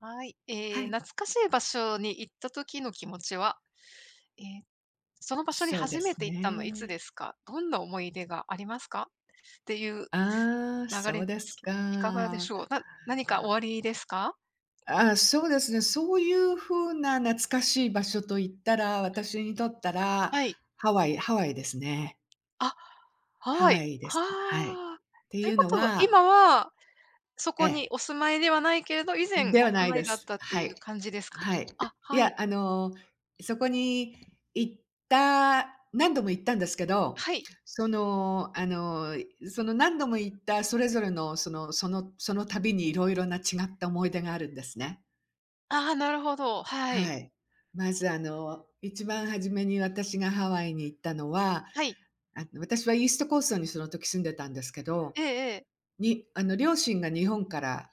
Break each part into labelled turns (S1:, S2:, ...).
S1: はい。え
S2: は
S1: え、
S2: い。
S1: 懐かしい場所に行った時の気持ちは、え、その場所に
S2: そうで
S1: 初め
S2: す
S1: て行ったのはいつ
S2: ね。
S1: ですか？どんな思い出がありますか？っていう
S2: ああ、
S1: 流
S2: そ
S1: れ
S2: う
S1: で
S2: で
S1: す
S2: す
S1: け、いかがでし
S2: か。
S1: ょう？な何かおありですか？
S2: ああ、そうですね、そういう風な懐かしい場所と言ったら、私にとったら
S1: はい。
S2: ハワイ。ハワイですね。
S1: あ、ハ
S2: ハ
S1: ワ
S2: ワ
S1: イ。
S2: イです。はい。
S1: は。
S2: て
S1: とい
S2: い
S1: う
S2: う
S1: こ
S2: の
S1: とは、
S2: は
S1: 今は、そ
S2: え
S1: こに
S2: え。
S1: お住まいではないけれど、以
S2: ん、
S1: 前
S2: で
S1: お
S2: は
S1: 住
S2: ない
S1: まい
S2: で
S1: だっ
S2: す。
S1: たって
S2: は
S1: いう
S2: い。
S1: 感じですか？
S2: はい。
S1: あ、
S2: い
S1: は
S2: や、
S1: い。
S2: あの、そこに行った何度も行ったんですけど、
S1: はい。
S2: そのあの、その何度も行ったそれぞれの、その、そのその旅にいろいろな違った思い出があるんですね。
S1: ああ、なるほど、はい。
S2: はい、まずあの、一番初めに私がハワイに行ったのは、
S1: はい。
S2: あの、私はイーストコーストにその時住んでたんですけど
S1: ええええ。
S2: に、あの両親が日本から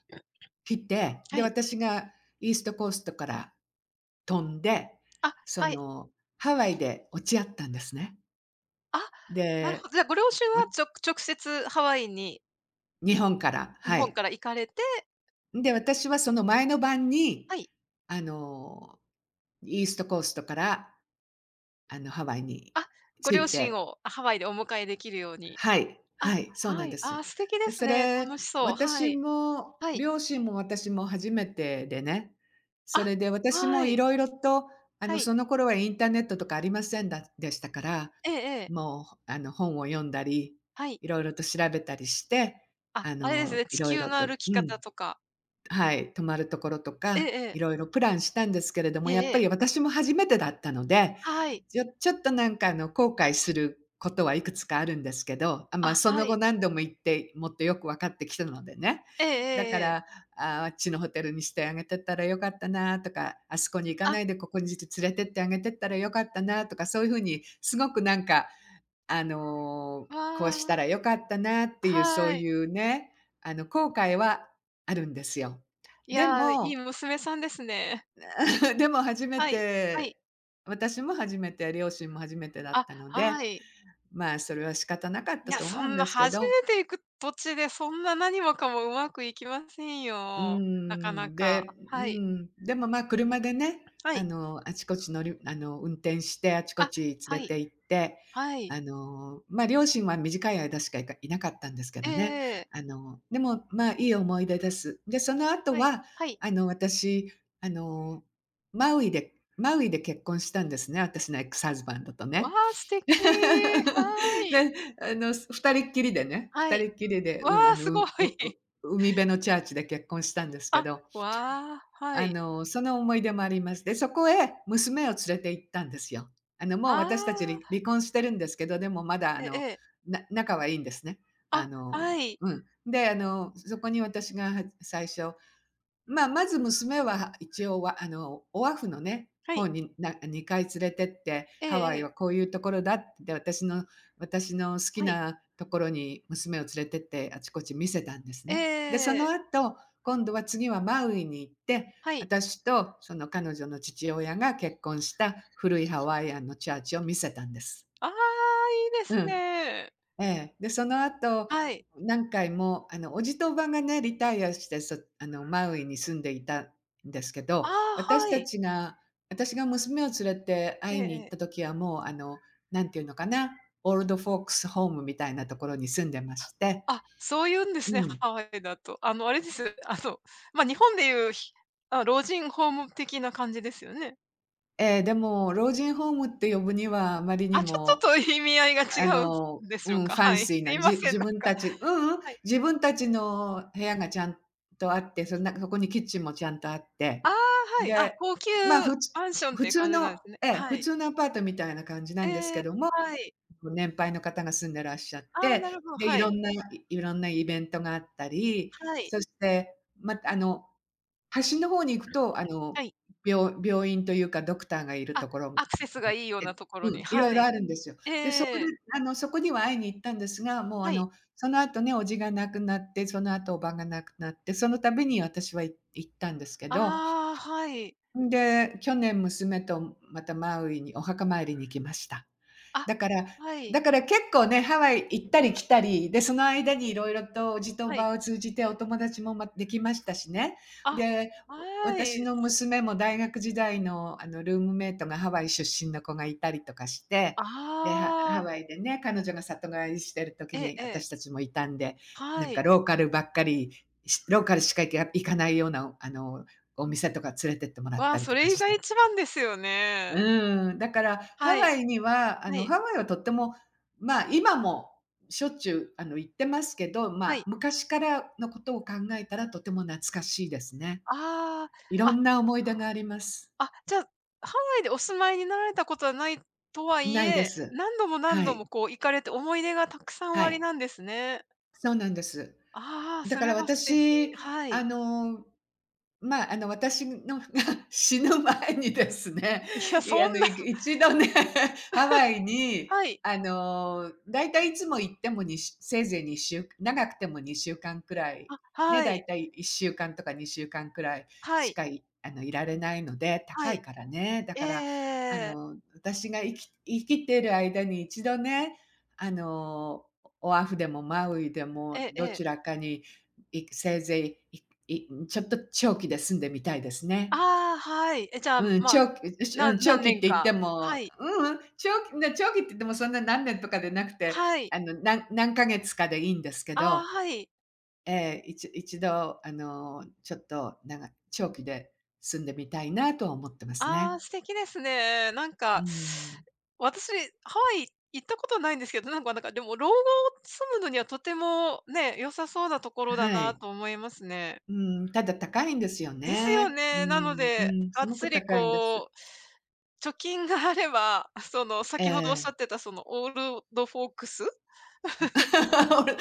S2: 来て、
S1: は
S2: で、
S1: い。
S2: 私がイーストコーストから飛んで、
S1: あ、
S2: そ
S1: はい。
S2: のハワイで落ち合ったんですね。
S1: あ、なるほ
S2: で、
S1: ど、じゃあご両親
S2: う
S1: は
S2: ん。
S1: ちょ直接ハワイに
S2: 日本から、
S1: 日
S2: は
S1: 本
S2: い。
S1: から行かれて。
S2: んで、私はその前の晩に
S1: はい。
S2: あの、イーストコーストから、あの、ハワイに
S1: あ、ご
S2: 着
S1: 両
S2: い
S1: 親
S2: て。
S1: をハワイでお迎えできるように。
S2: はい。
S1: あ、
S2: はい、そうな
S1: は
S2: ん
S1: い。
S2: で
S1: あ
S2: す。
S1: あ、素敵で
S2: で、
S1: す
S2: そ
S1: ね。
S2: れ、
S1: 楽しそう。は
S2: 私
S1: い。
S2: も
S1: はい。
S2: 両親も私も初めてでね、そ
S1: あ、
S2: れで私
S1: は
S2: もい
S1: い。
S2: ろいろと、あ
S1: は
S2: の、
S1: い。
S2: その頃はインターネットとかありませんだでしたから、
S1: ええええ。
S2: もうあの本を読んだり、
S1: はい。
S2: いろいろと調べたりして、
S1: あ、
S2: あ
S1: あれです
S2: の、
S1: ね、
S2: い
S1: 地
S2: ろい
S1: 球
S2: ろ
S1: の
S2: と
S1: 歩き
S2: うん。
S1: 方とか。
S2: はい、泊まるところと
S1: ええ
S2: か、い
S1: ええ。
S2: ろいろプランしたんですけれども、
S1: え
S2: やっ
S1: え-え
S2: ぱ
S1: え。
S2: り私も初めてだったので、
S1: はい。
S2: ちょちょっとなんかあの後悔することはいくつかあるんですけど、あ、
S1: あ、
S2: ま、そ
S1: は
S2: の後
S1: い。
S2: 何度も行ってもっとよくわかってきたのでね。
S1: ええ
S2: だ
S1: え
S2: か
S1: ええ
S2: ら、
S1: え。
S2: ああ、あっちのホテルにしてあげてったらよかったなとか、あそこに行かな
S1: あ。
S2: いでここにつ連れてってあげてったらよかったなとか、そういうふうにすごくなんかあの、こう
S1: あ
S2: したら
S1: あ。
S2: 良かったなっていう、そう
S1: はい。
S2: いうね、あの後悔はあるんですよ。
S1: い
S2: で
S1: や、いい
S2: も
S1: 娘さんですね。
S2: でも初め
S1: はい、はい。
S2: て私も初めて、両親も初めてだっ
S1: あ、
S2: たので、
S1: はい。
S2: まあ、それは仕方なかっ
S1: い
S2: た
S1: や、
S2: と
S1: そ
S2: 思うん
S1: んな
S2: ですけ
S1: 初
S2: ど。
S1: めて行く土地で、そんな何もかもうまくいきません
S2: うー
S1: よ。なかな
S2: ん、
S1: か。
S2: でう
S1: はい。
S2: ん。でも、ま、車でね、
S1: は
S2: あ
S1: い。
S2: の、あちこち乗りあの、運転してあちこ
S1: あ、
S2: ち連
S1: は
S2: れ
S1: い。
S2: て行って、
S1: はい。
S2: あの、ま、両親は短い間しかいかいなかったんですけ
S1: ええ
S2: どね。
S1: ええ。
S2: あの、でもまあ、いい思い出です。で、その後
S1: はい、
S2: は
S1: はい。
S2: あの、私、あのマウイでマウイで結婚したんですね、私のエックスハズバンドと
S1: わ、
S2: ね。
S1: 素敵、は い。
S2: で、あの2人っきりでね。ふ
S1: は
S2: た
S1: い。
S2: りっきりで、
S1: わ、
S2: うん、あの、
S1: す
S2: うん、
S1: ご
S2: う
S1: い。
S2: う海辺のチャーチで結婚したんですけ
S1: あ、
S2: ど
S1: わ、は
S2: あ
S1: い。
S2: の、その思い出もあります。で、そこへ娘を連れて行ったんですよ。あのもう
S1: あ
S2: 私たちり
S1: あ。
S2: 離婚してるんですけど、でもまだあ
S1: ええ
S2: の、
S1: ええ。
S2: な仲はいいんですね。あ
S1: あ、は
S2: の
S1: い。
S2: うん、で、あのそこに私がはっ最初、ま、まず娘は一応は、あのオアフのね、
S1: はい。
S2: 方にな2回連れてって、
S1: え
S2: ハ
S1: え
S2: ワイは
S1: ええ。
S2: こういうところだって、私の私の好き
S1: はい。
S2: なところに娘を連れてってあちこち見せたんです
S1: え
S2: ね。で、その
S1: え。
S2: 後、今度は次はマウイに行って、
S1: はい。
S2: 私とその彼女の父親が結婚した古いハワイアンのチャーチを見せたんです。
S1: ああ、いいで
S2: う
S1: す
S2: ん。
S1: ね。
S2: ええ。で、その後、
S1: はい。
S2: 何回もあの、叔父と叔母がね、リタイアしてそあのマウイに住んでいたんですけ
S1: あ
S2: ど、
S1: あ、
S2: 私
S1: は
S2: た
S1: い。
S2: ちが私が娘を連れて
S1: ええ
S2: 会いに
S1: え
S2: 行っ
S1: え。
S2: た時はもう、あの、なんていうのかな、オールドフォークスホームみたいなところに住んでまして。
S1: あ、そういうんです
S2: う
S1: ね、
S2: ん。
S1: ハワイだと。あの、あれです、あの、ま、日本でいう、ひあ、老人ホーム的な感じですよね？
S2: ええ、でも老人ホームって呼ぶにはあまりに
S1: あ、ちょっ
S2: も、
S1: とと意味合いが違
S2: あ
S1: うん
S2: の
S1: で
S2: う
S1: しょう
S2: ん、フ
S1: か。
S2: ァン
S1: はい。
S2: シー
S1: す
S2: な、
S1: いま
S2: じ
S1: せ
S2: 自
S1: ん、なん
S2: 分
S1: か、
S2: たちううん、
S1: はい。
S2: 自分たちの部屋がちゃんとあって、そのなんかそこにキッチンもちゃんとあって、
S1: ああ、はい、あ、
S2: で、
S1: 高級
S2: まあ、ふつ
S1: マンションっ
S2: 普
S1: ていう
S2: 通
S1: 感じな
S2: の
S1: んですね。
S2: ええ、
S1: は
S2: 普
S1: い。
S2: 通のアパートみたいな感じなんです
S1: え
S2: け
S1: え、
S2: ども、
S1: はい。
S2: ご年配の方が住んでいらっしゃっ
S1: ああ、な
S2: て、
S1: るほど、
S2: で、い
S1: は
S2: ろ
S1: い。
S2: んないろんなイベントがあったり、
S1: はい。
S2: そして、ま、あの端の方に行くと、あ
S1: は
S2: の、
S1: い。
S2: びょう病院というかドクターがいる
S1: あ、
S2: ところな
S1: アクセスが
S2: っ
S1: いいよう
S2: て、
S1: なところ
S2: う
S1: に、
S2: ん、いろい
S1: は
S2: ろ
S1: い。
S2: あるんですよ。
S1: ええ
S2: で、そ
S1: え
S2: こで
S1: え。
S2: あのそこには会いに行ったんですが、もうあ
S1: はい。
S2: のその後ね、叔父が亡くなって、その後、叔母が亡くなって、その度に私は、い行ったんですけど
S1: ああ、はい。
S2: んで、去年娘とまたマウイにお墓参りに行きました。
S1: あ、
S2: だから
S1: はい。
S2: だから結構ね、ハワイ行ったり来たり、で、その間にいろいろと叔父と叔
S1: はい。
S2: 母を通じてお友達も、ま、できましたしね。
S1: あ、
S2: で、う、
S1: は
S2: 私
S1: い。
S2: の娘も大学時代の、あのルームメイトがハワイ出身の子がいたりとかして、で、ハ
S1: あ
S2: ハ
S1: あ。
S2: ワイでね、彼女が里帰りしている
S1: え
S2: 時
S1: え
S2: に
S1: ええ。
S2: 私たちもいたんで、な
S1: は
S2: ん
S1: い。
S2: かローカルばっかり、しローカルしか、ぎゃ行かないような、あの、お店とか連れてってもらった
S1: わ、
S2: り
S1: そ
S2: とか
S1: れい
S2: し
S1: が、い
S2: て。
S1: ちばんですよ
S2: う
S1: ね。
S2: ーん、だからハ
S1: は
S2: ワ
S1: い。
S2: イにはあ
S1: は
S2: の
S1: い。
S2: ハワイはとても、まあ、今もしょっちゅう、あの行ってますけど、ま
S1: は
S2: あ、
S1: い。
S2: 昔からのことを考えたらとても懐かしいですね。
S1: あ
S2: いろ
S1: あ、
S2: んな思い出があります。
S1: あ。そうなんあ、じゃあ、ハワイでお住まいになられたことはないとは言
S2: ないで
S1: え、
S2: す。
S1: 何度も、何
S2: は
S1: 度
S2: い。
S1: もこう行かれて思い出がたくさんお
S2: は
S1: あり
S2: い。
S1: なんですね。
S2: そうなんです。
S1: ああ、
S2: だ
S1: そ
S2: から
S1: れは素敵。
S2: 私、
S1: は
S2: あ
S1: い。
S2: の、まあ、あの私の が死ぬ前にですね、
S1: いや、
S2: い
S1: そ
S2: や、あの、
S1: んな。
S2: いく1度ね、ハワイ に、
S1: はい。
S2: あの、大体いつも行っても、にしゅせいぜい2週長くても2週間くらい、
S1: あ、
S2: ね、
S1: はい。
S2: 大体1週間とか2週間くらい
S1: は
S2: し
S1: い。
S2: か、いあの、いられないので、
S1: は
S2: 高い
S1: い。
S2: からね。だ
S1: えええ
S2: か
S1: え
S2: らあ
S1: ええええ。
S2: の私が、いき生きている間に1度ね、あの、オオアフでもマウイでも
S1: えええ
S2: ど
S1: え。
S2: ちらかに、いくせいぜい、いいん、ちょっと長期で住んでみたいですね。
S1: ああ、はい。え、じゃあ、
S2: うん、
S1: まあ、
S2: 長期う、うし
S1: な
S2: うん、長
S1: 何
S2: 期っ
S1: 年
S2: て言って
S1: か、
S2: も、
S1: はい。
S2: ううん、長期ん、だ長期って言ってもそんな何年とかでなくて、
S1: はい。
S2: あのなん何ヶ月かでいいんですけ
S1: ああ、
S2: ど。
S1: はい。
S2: ええ、いち1度あのちょっと、なが長期で住んでみたいなとは思っています
S1: あ
S2: ね。
S1: あ、素敵ですね。なん
S2: うー
S1: か
S2: ん。
S1: 私、ハワイ行ったことないんですけど、なんかなんかでも老後を住むのにはとてもね、良さそうなところだ
S2: は
S1: な
S2: い。
S1: と思いますね。
S2: うん、ただ高いんですよ
S1: ですよ
S2: ね。う
S1: ね、なの
S2: ん、
S1: で、
S2: うん、
S1: が
S2: す
S1: っ
S2: ご
S1: つ
S2: く
S1: り
S2: 高いんで
S1: こ
S2: す。
S1: う。貯金があれば、その
S2: え
S1: 先ほどおっしゃ
S2: え。
S1: ってたそのオールドドフォークス。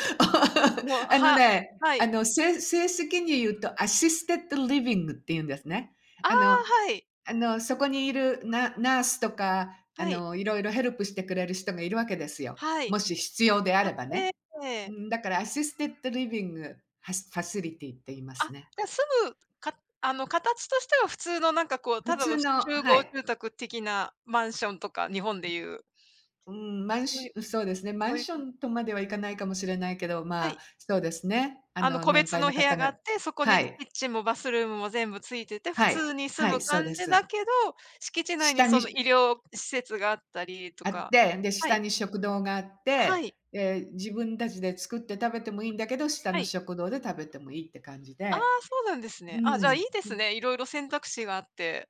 S1: わ。もう、
S2: あの
S1: は
S2: ね、
S1: は
S2: あ
S1: い。
S2: のせい正式に言うと、アシステッドリビングっていうんですね。
S1: ああ、
S2: あの
S1: はい。
S2: あのそこにいる、ナナースとか、あ
S1: はい。
S2: のいろいろヘルプしてくれる人がいるわけですよ。
S1: はい。
S2: もし必要であ
S1: あ、
S2: れば
S1: ええ
S2: ね。
S1: え
S2: う
S1: え。
S2: んだから、アシステッドリビングハファシリティーって言います
S1: あ、
S2: ね。
S1: じゃあ、住むかあの形としては普通のなんかこう、
S2: 普
S1: ただ
S2: 通
S1: の
S2: の
S1: 集
S2: は
S1: 合
S2: い。
S1: 住宅的なマンションとか、日本でいう。
S2: うーん、マン
S1: そうい
S2: シ
S1: う、
S2: そうですね、マ
S1: そ
S2: ン
S1: ういう
S2: ショ
S1: 感じ。
S2: ンとまではいかないかもしれないけど、
S1: は
S2: まあ
S1: い。
S2: そうですね。あ
S1: あの
S2: の
S1: 個
S2: 年
S1: 別
S2: 配
S1: の
S2: の
S1: 部屋
S2: 方
S1: があ
S2: が
S1: って、そこ
S2: は
S1: に
S2: い。
S1: キッチンもバスルームも全部付いてて、普
S2: はい、
S1: 通に住
S2: は
S1: む
S2: い、そう
S1: 感
S2: で
S1: じだ
S2: す。
S1: けど、敷地内に
S2: 下
S1: その
S2: に
S1: 医療施設があったりと
S2: あっ
S1: か。
S2: て、で、
S1: は
S2: 下
S1: い。
S2: に食堂があって、
S1: はい。
S2: で自分たちで作って食べてもいいんだけど、下
S1: は
S2: の
S1: い。
S2: 食堂で食べてもいいって感じ
S1: ああ、
S2: で。
S1: そうなんです
S2: う
S1: ね。ああ、じゃあいい
S2: ん、
S1: で
S2: う
S1: す
S2: ん。
S1: ね、いろいろ選択肢があって。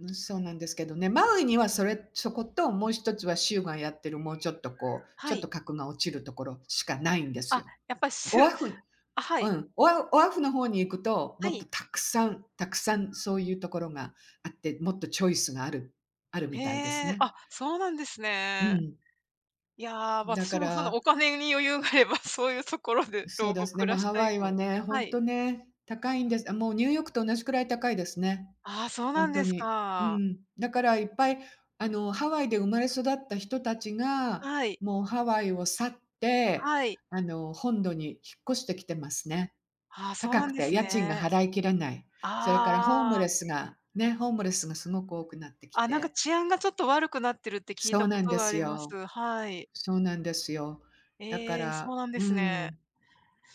S2: うん、そうなんですけどね。マウイにはそれそこと、もう1つは州がやってる、もうちょっとこう、
S1: は
S2: ちょっ
S1: い。
S2: と格が落ちるところしかないんです
S1: あ、
S2: よ。
S1: やっぱ
S2: オ
S1: しゅ
S2: ワフ
S1: あ、は
S2: う
S1: い。
S2: ん、オオワフの方に行くと、も
S1: は
S2: っと
S1: い。
S2: たくさんたくさんそういうところがあって、もっとチョイスがあるあるみ
S1: へ
S2: たいです
S1: え、
S2: ね。
S1: あ、そうなんです
S2: う
S1: ね。
S2: ん。
S1: いや、
S2: だ
S1: 私
S2: か
S1: もその
S2: ら
S1: お金に余裕があれば、そういうところで
S2: そ
S1: 老
S2: うだ
S1: 後
S2: すね。
S1: 暮
S2: も
S1: ら
S2: う
S1: し
S2: ハ
S1: た
S2: ワ
S1: い
S2: イは
S1: と。
S2: ね、ほ
S1: は
S2: ん
S1: い。
S2: とね、高いんです。あ、もうニューヨークと同じくらい高いですね。
S1: ああ、そう
S2: ほ
S1: なん
S2: んと
S1: です
S2: に。う
S1: か。
S2: ん。だからいっぱい、あのハワイで生まれ育った人たちが、
S1: はい。
S2: もうハワイを去って、
S1: はい。
S2: あの本土に引っ越してきてますね。
S1: ああ、そう
S2: 高
S1: な
S2: く
S1: んで
S2: て、
S1: す
S2: 家賃が
S1: ね。
S2: 払いきれない。
S1: あ
S2: それからホーム
S1: ああ
S2: レ
S1: あ。
S2: スがね、ホームレスがすごく多くなってき
S1: あ、なんか
S2: て。
S1: 治安がちょっと悪くなってるって聞い
S2: そ
S1: た
S2: う
S1: こ
S2: なん
S1: と
S2: で
S1: があ
S2: す
S1: りま
S2: よ。
S1: す。はい。
S2: そうなんですよ。だか
S1: ええ、そう
S2: ら
S1: なんで
S2: う
S1: すね。
S2: ん。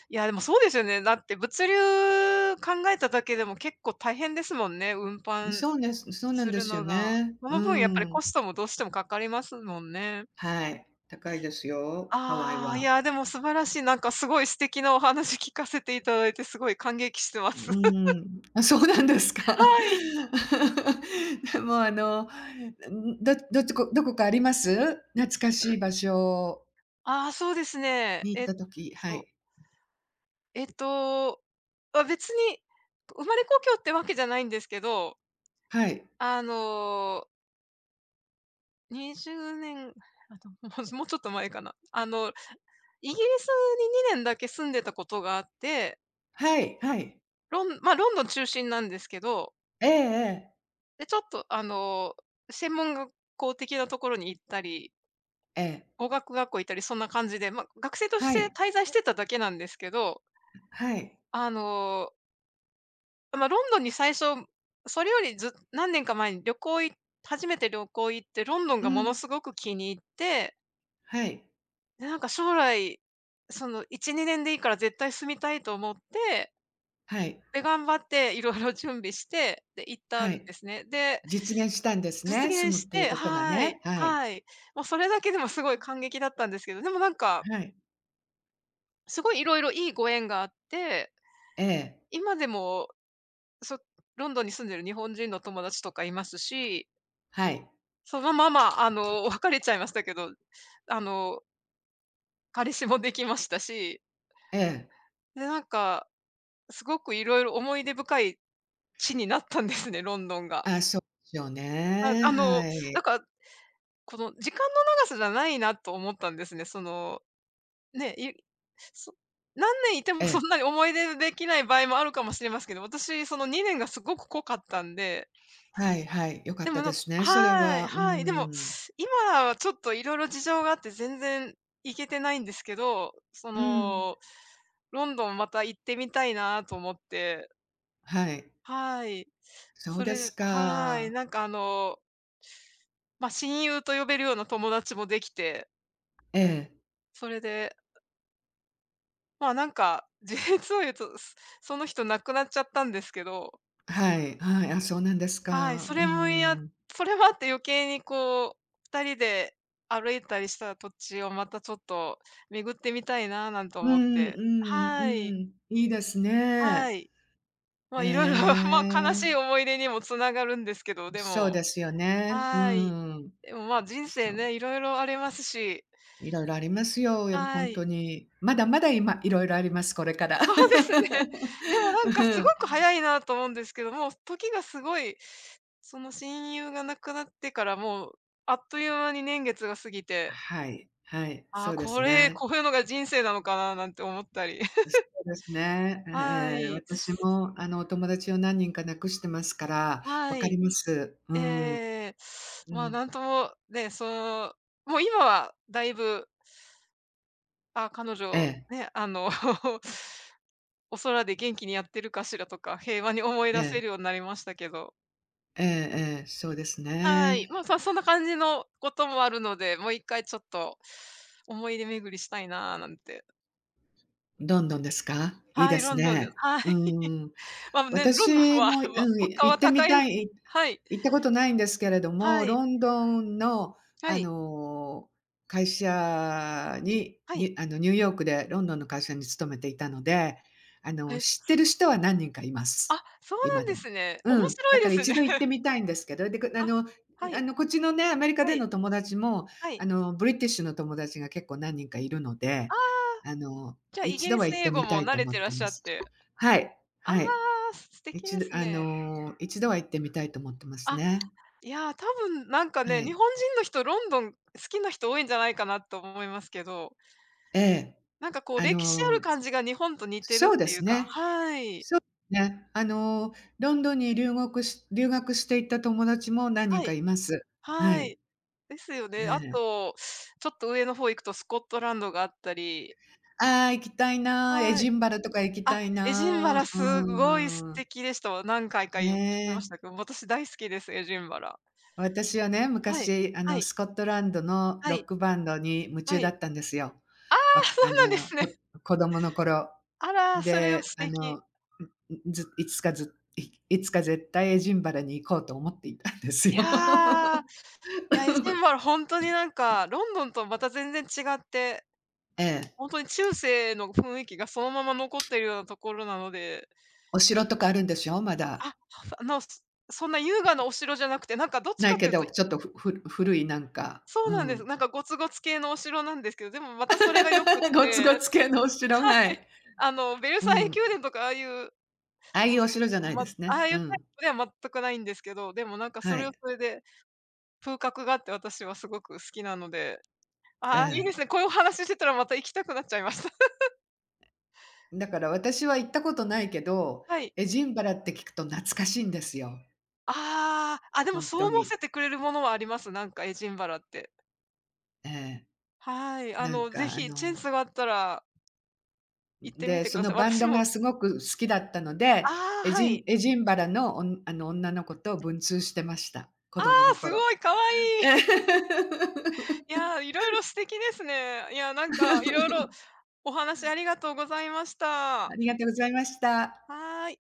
S1: いや、でもそうですよね、だって物流考えただけでも結構大変ですもんね、運搬
S2: そうねす、そうな
S1: す
S2: んで
S1: る
S2: すよ
S1: のが。
S2: ね。
S1: そ
S2: う
S1: の分やっぱり
S2: ー
S1: コ
S2: ん。
S1: ストもどうしてもかかりますもんね。
S2: はい、高いですよ、ハワイ
S1: ああ、い
S2: は。
S1: やでも素晴らしい、なんかすごい素敵なお話聞かせていただいてすごい感激してま
S2: うう
S1: す。
S2: ーん、あ、そうなんですか。
S1: はい。
S2: もうあの、ん、ん、どどっちどこかあります？懐か
S1: う
S2: しい
S1: ん。
S2: 場所。
S1: ああ、そうですね。
S2: に行っ
S1: えっ
S2: た時は
S1: と
S2: い。
S1: えっと、あ、別に、生まれ故郷ってわけじゃないんですけど。
S2: はい。
S1: あの20年、あ、と、もう、ほずもうちょっと前かな。あの、イギリスに2年だけ住んでたことがあって
S2: はいはい。
S1: ロンまあ、ロンドン中心なんですけど
S2: ええええ。
S1: で、ちょっとあの、専門学校的なところに行ったり
S2: ええ。
S1: 語学学校行ったりそんな感じで、ま、学生とし
S2: は
S1: て
S2: い。
S1: 滞在してただけなんですけど。
S2: はい。
S1: あのま、ロンドンに最初、それよりず何年か前に旅行い初めて旅行行って、ロンドン
S2: う
S1: がもの
S2: ん。
S1: すごく気に入って
S2: はい。
S1: なんか将来、その1、2年でいいから絶対住みたいと思って
S2: はい。
S1: で、頑張って、色々準備して、で、行った
S2: は
S1: ん
S2: い。
S1: ですね。で
S2: 実現したんです
S1: 実
S2: ね、住
S1: 現
S2: むっ
S1: し
S2: ていう
S1: て、
S2: ことが
S1: はい
S2: ね、はい。
S1: はい。もうそれだけでもすごい感激だったんですけど、でもなんか
S2: はい。
S1: すごい色々いいご縁があって。
S2: ええ。
S1: 今でも、そロンドンに住んでる日本人の友達とかいますし
S2: はい。
S1: そのまま、あの別れちゃいましたけど。あの彼氏もできましたし。
S2: ええ。
S1: で、なんか、すごく色々思い出深い地になったんですね、ロンドンが。
S2: あ、そうよ
S1: は、
S2: ね、
S1: あの、
S2: は
S1: な
S2: い。
S1: んか、この時間の長さじゃないなと思ったんですね、その、ね、いそ何年いて
S2: え
S1: もそ
S2: え。
S1: んなに思い出できない場合もあるかもしれますけど、私その2年がすごく濃かったんで。
S2: はいはい、よかっ
S1: で
S2: た
S1: もな
S2: で
S1: ん
S2: すね。それ
S1: はい、
S2: は。う
S1: はい、でも、
S2: ん。
S1: 今はちょっと色々事情があって全然行けてないんですけど、そ
S2: うん。
S1: の、ロンドンまた行ってみたいなと思って。
S2: はい。
S1: はい。
S2: そう
S1: そ
S2: で
S1: れ
S2: す
S1: ではい、
S2: か。
S1: なんか、あのま、親友と呼べるような友達もできて。
S2: ええ。
S1: それでまあ、なんか、実を言うと、その人亡くなっちゃったんですけど。
S2: あ、はい。はい。あ、そうなんです
S1: はい、
S2: か。
S1: そ
S2: うー
S1: れもいや
S2: ん。
S1: それもあって余計にこう、2人で歩いたりした土地をまたちょっと巡ってみたいな、なんて
S2: う
S1: 思っ
S2: んう
S1: て。
S2: ん
S1: はい。
S2: うん。いいです
S1: は
S2: ね。
S1: い。ま
S2: へ
S1: あ色々、まあ悲し
S2: え。
S1: い思い出にも繋がるんですけど、で
S2: そう
S1: も
S2: ですよね。う
S1: はい。
S2: ーん。
S1: でも、まあ、人生
S2: そう。
S1: ね、色々ありますし。
S2: 色々ありますよ。よほ
S1: は
S2: ん
S1: い。
S2: とに。まだまだ今いろいろあります。これから。
S1: そうですね。でも な
S2: う
S1: んかすご
S2: ん。
S1: く早いなと思うんですけど、もう、時がすごいその親友が亡くなってからもう、あっという間に年月が過ぎて。
S2: はい、はい、
S1: あ
S2: そ
S1: あ、
S2: うです
S1: これ、
S2: ね。
S1: こういうのが人生なのかな、なんて思ったり。
S2: う、そ うですね。ええ
S1: は
S2: ええ、
S1: い。
S2: 私もあの、お友達を何人か亡くしてますから、わ
S1: は
S2: かり
S1: い。
S2: ます。うー
S1: え
S2: ん。
S1: え、
S2: う
S1: まあ
S2: ん。
S1: なんとも、ね、そう、もう今はだいぶ。あ、彼
S2: え
S1: 女
S2: え。
S1: ね、あの お空で元気にやってるかしらとか、平和に思い
S2: え
S1: 出せ
S2: え。
S1: るようになりましたけど。
S2: ええええ、そうです
S1: はい、
S2: ね。
S1: もう、そそんな感じのこともあるので、もう1回ちょっと、思い出巡りしたいなあ、なんて。
S2: ロンドンですか？いい
S1: は
S2: で
S1: い、ロ
S2: す
S1: ンドンです、
S2: ね。
S1: はい。
S2: うーん。
S1: まあね、ロンドン
S2: 私
S1: は
S2: も、う
S1: まあ
S2: ん、
S1: 物
S2: い
S1: 価
S2: 行
S1: は
S2: って
S1: 高
S2: み
S1: いの
S2: たい、
S1: はい。
S2: 行ったことないんですけれども、
S1: はい。
S2: ロンドンの
S1: は
S2: あ
S1: い。
S2: の、会社に、
S1: は
S2: ニ
S1: い。
S2: ュあの、ニューヨークでロンドンの会社に勤めていたので、あ
S1: は
S2: の、
S1: い。
S2: 知ってる人は何人かいま
S1: あ、
S2: す。
S1: そうな
S2: 今
S1: ん
S2: で
S1: で
S2: も。
S1: すね。面
S2: うん、
S1: 白
S2: だ
S1: い
S2: か
S1: で
S2: ら
S1: す
S2: 一
S1: ね。
S2: 度行ってみたいんですけど、でかあ
S1: あ、
S2: のん、
S1: は
S2: あ
S1: い。
S2: のこっちのね、アメリカ
S1: は
S2: で
S1: い。
S2: の友達も
S1: はい。
S2: あの、ブリティッシュの友達が結構何人かいるので、
S1: ああ。
S2: あの、
S1: じゃあ、イ
S2: 一
S1: ギ
S2: 度
S1: リ
S2: は
S1: ス
S2: 行っ
S1: 英
S2: て
S1: 語
S2: みた
S1: も
S2: い
S1: 慣
S2: と
S1: れ
S2: 思っ
S1: てらっ
S2: て
S1: し
S2: ま
S1: ゃっ
S2: す。
S1: て。
S2: はい、
S1: あ
S2: はい。
S1: あ、す素敵
S2: 一
S1: で
S2: 度
S1: す
S2: あ
S1: ね。
S2: の、一度は行ってみたいと思ってます
S1: あ、
S2: ね。
S1: いや多分なんか
S2: は
S1: ね、日
S2: い。
S1: 本人の人ロンドン好きな人多いんじゃないかなと思いますけど。
S2: ええ、
S1: なんかこう、
S2: あ
S1: 歴史ある
S2: の、
S1: 感じが日本と似てるっ
S2: そうで
S1: てい
S2: す
S1: うか
S2: ね。
S1: はい。
S2: そうね。あのロンドンにりゅうごくし留学していた友達も何人
S1: は
S2: か
S1: い。
S2: います。は
S1: は
S2: い。
S1: い。ですよ
S2: え
S1: ね。あ
S2: え。
S1: と、ちょっと上の方行くとスコットランドがあったり。
S2: ああ、行きたいな、エ
S1: は
S2: ジ
S1: い。
S2: ンバラとか行き
S1: あ、
S2: たい
S1: エジンバラ
S2: な。
S1: すごい素
S2: うーん。
S1: 敵でしたわ。何回か、
S2: ね
S1: い行きまし
S2: え。
S1: たけど、私大好きです、エジンバラ。
S2: 私はね、
S1: はい。
S2: 昔、あ
S1: は
S2: の
S1: い。
S2: スコットランドの
S1: は
S2: ロッ
S1: い。
S2: クバンドに夢中
S1: は
S2: だ
S1: い。
S2: ったんですよ。
S1: ああ、
S2: わ、
S1: そう
S2: あ
S1: なんで
S2: の、
S1: すね。
S2: こ子供の頃。
S1: あら、それは
S2: で、
S1: 素
S2: あ
S1: 敵。
S2: の、ん、ん、ず、いついつかずいいつか絶対エジンバラに行こうと思っていたんですよ。
S1: いや。いや、エジンバラほんとになん か、ロンドンとまた全然違って。
S2: ええ。
S1: ほんとに中世の雰囲気がそのまま残ってるようなところなので。
S2: お城とかあるんでしょ？ま
S1: あ、
S2: だ。
S1: はふ、あの、そんな優雅なお城じゃなくて、なんかどっち
S2: な
S1: か
S2: い
S1: っ
S2: け
S1: ていう
S2: ど、
S1: と
S2: ちょっとふふ古いなんか、
S1: そ
S2: う
S1: うなんです、
S2: ん。
S1: なんかごつごつ系のお城なんですけど、でもまたそれが良くっ
S2: ゴツゴ
S1: て
S2: ツ系のお城、
S1: は
S2: は
S1: い。
S2: い。
S1: あの、ベル
S2: う
S1: サイユ
S2: ん。
S1: 宮殿とかああいうう、
S2: ああいう、お城じゃない
S1: ま
S2: で
S1: あ、
S2: す
S1: あ
S2: ね。
S1: あい
S2: う
S1: うタイ
S2: ん。
S1: プでは全くないんですけど、でもなんかそ
S2: は
S1: れは
S2: い。
S1: それで、風格があって私はすごく好きなので。
S2: え
S1: ああ、いいで
S2: え。
S1: すね、こういうお話ししてたらまた行きたくなっちゃいました。
S2: だから私は行ったことないけど、
S1: はい。
S2: エジンバラって聞くと懐かしいんですよ。
S1: ああ、あ、で
S2: ほ
S1: も
S2: ん
S1: そ
S2: と
S1: う思わ
S2: に。
S1: せてくれるものはあります、なんかエジンバラって。
S2: ええ。
S1: はい、あ
S2: なん
S1: の是
S2: か、あ
S1: 非チェン
S2: の
S1: スがあったら行っ
S2: ん、
S1: てみ
S2: で、
S1: てく
S2: そ
S1: だ
S2: の
S1: さい。
S2: バンド
S1: 私も
S2: がすごく好きだったので、
S1: ああ、
S2: エ
S1: は
S2: ジ
S1: い。
S2: ンエジンバラのおんあの、女の子と文通してました。子
S1: あ
S2: 供
S1: あ、
S2: の
S1: す
S2: 頃。
S1: ごい、かわいい。いや、色々素敵ですね。いや、なんか、いろいろ お話ありがとうございまし
S2: あ
S1: た。
S2: りがとうございました。
S1: はい。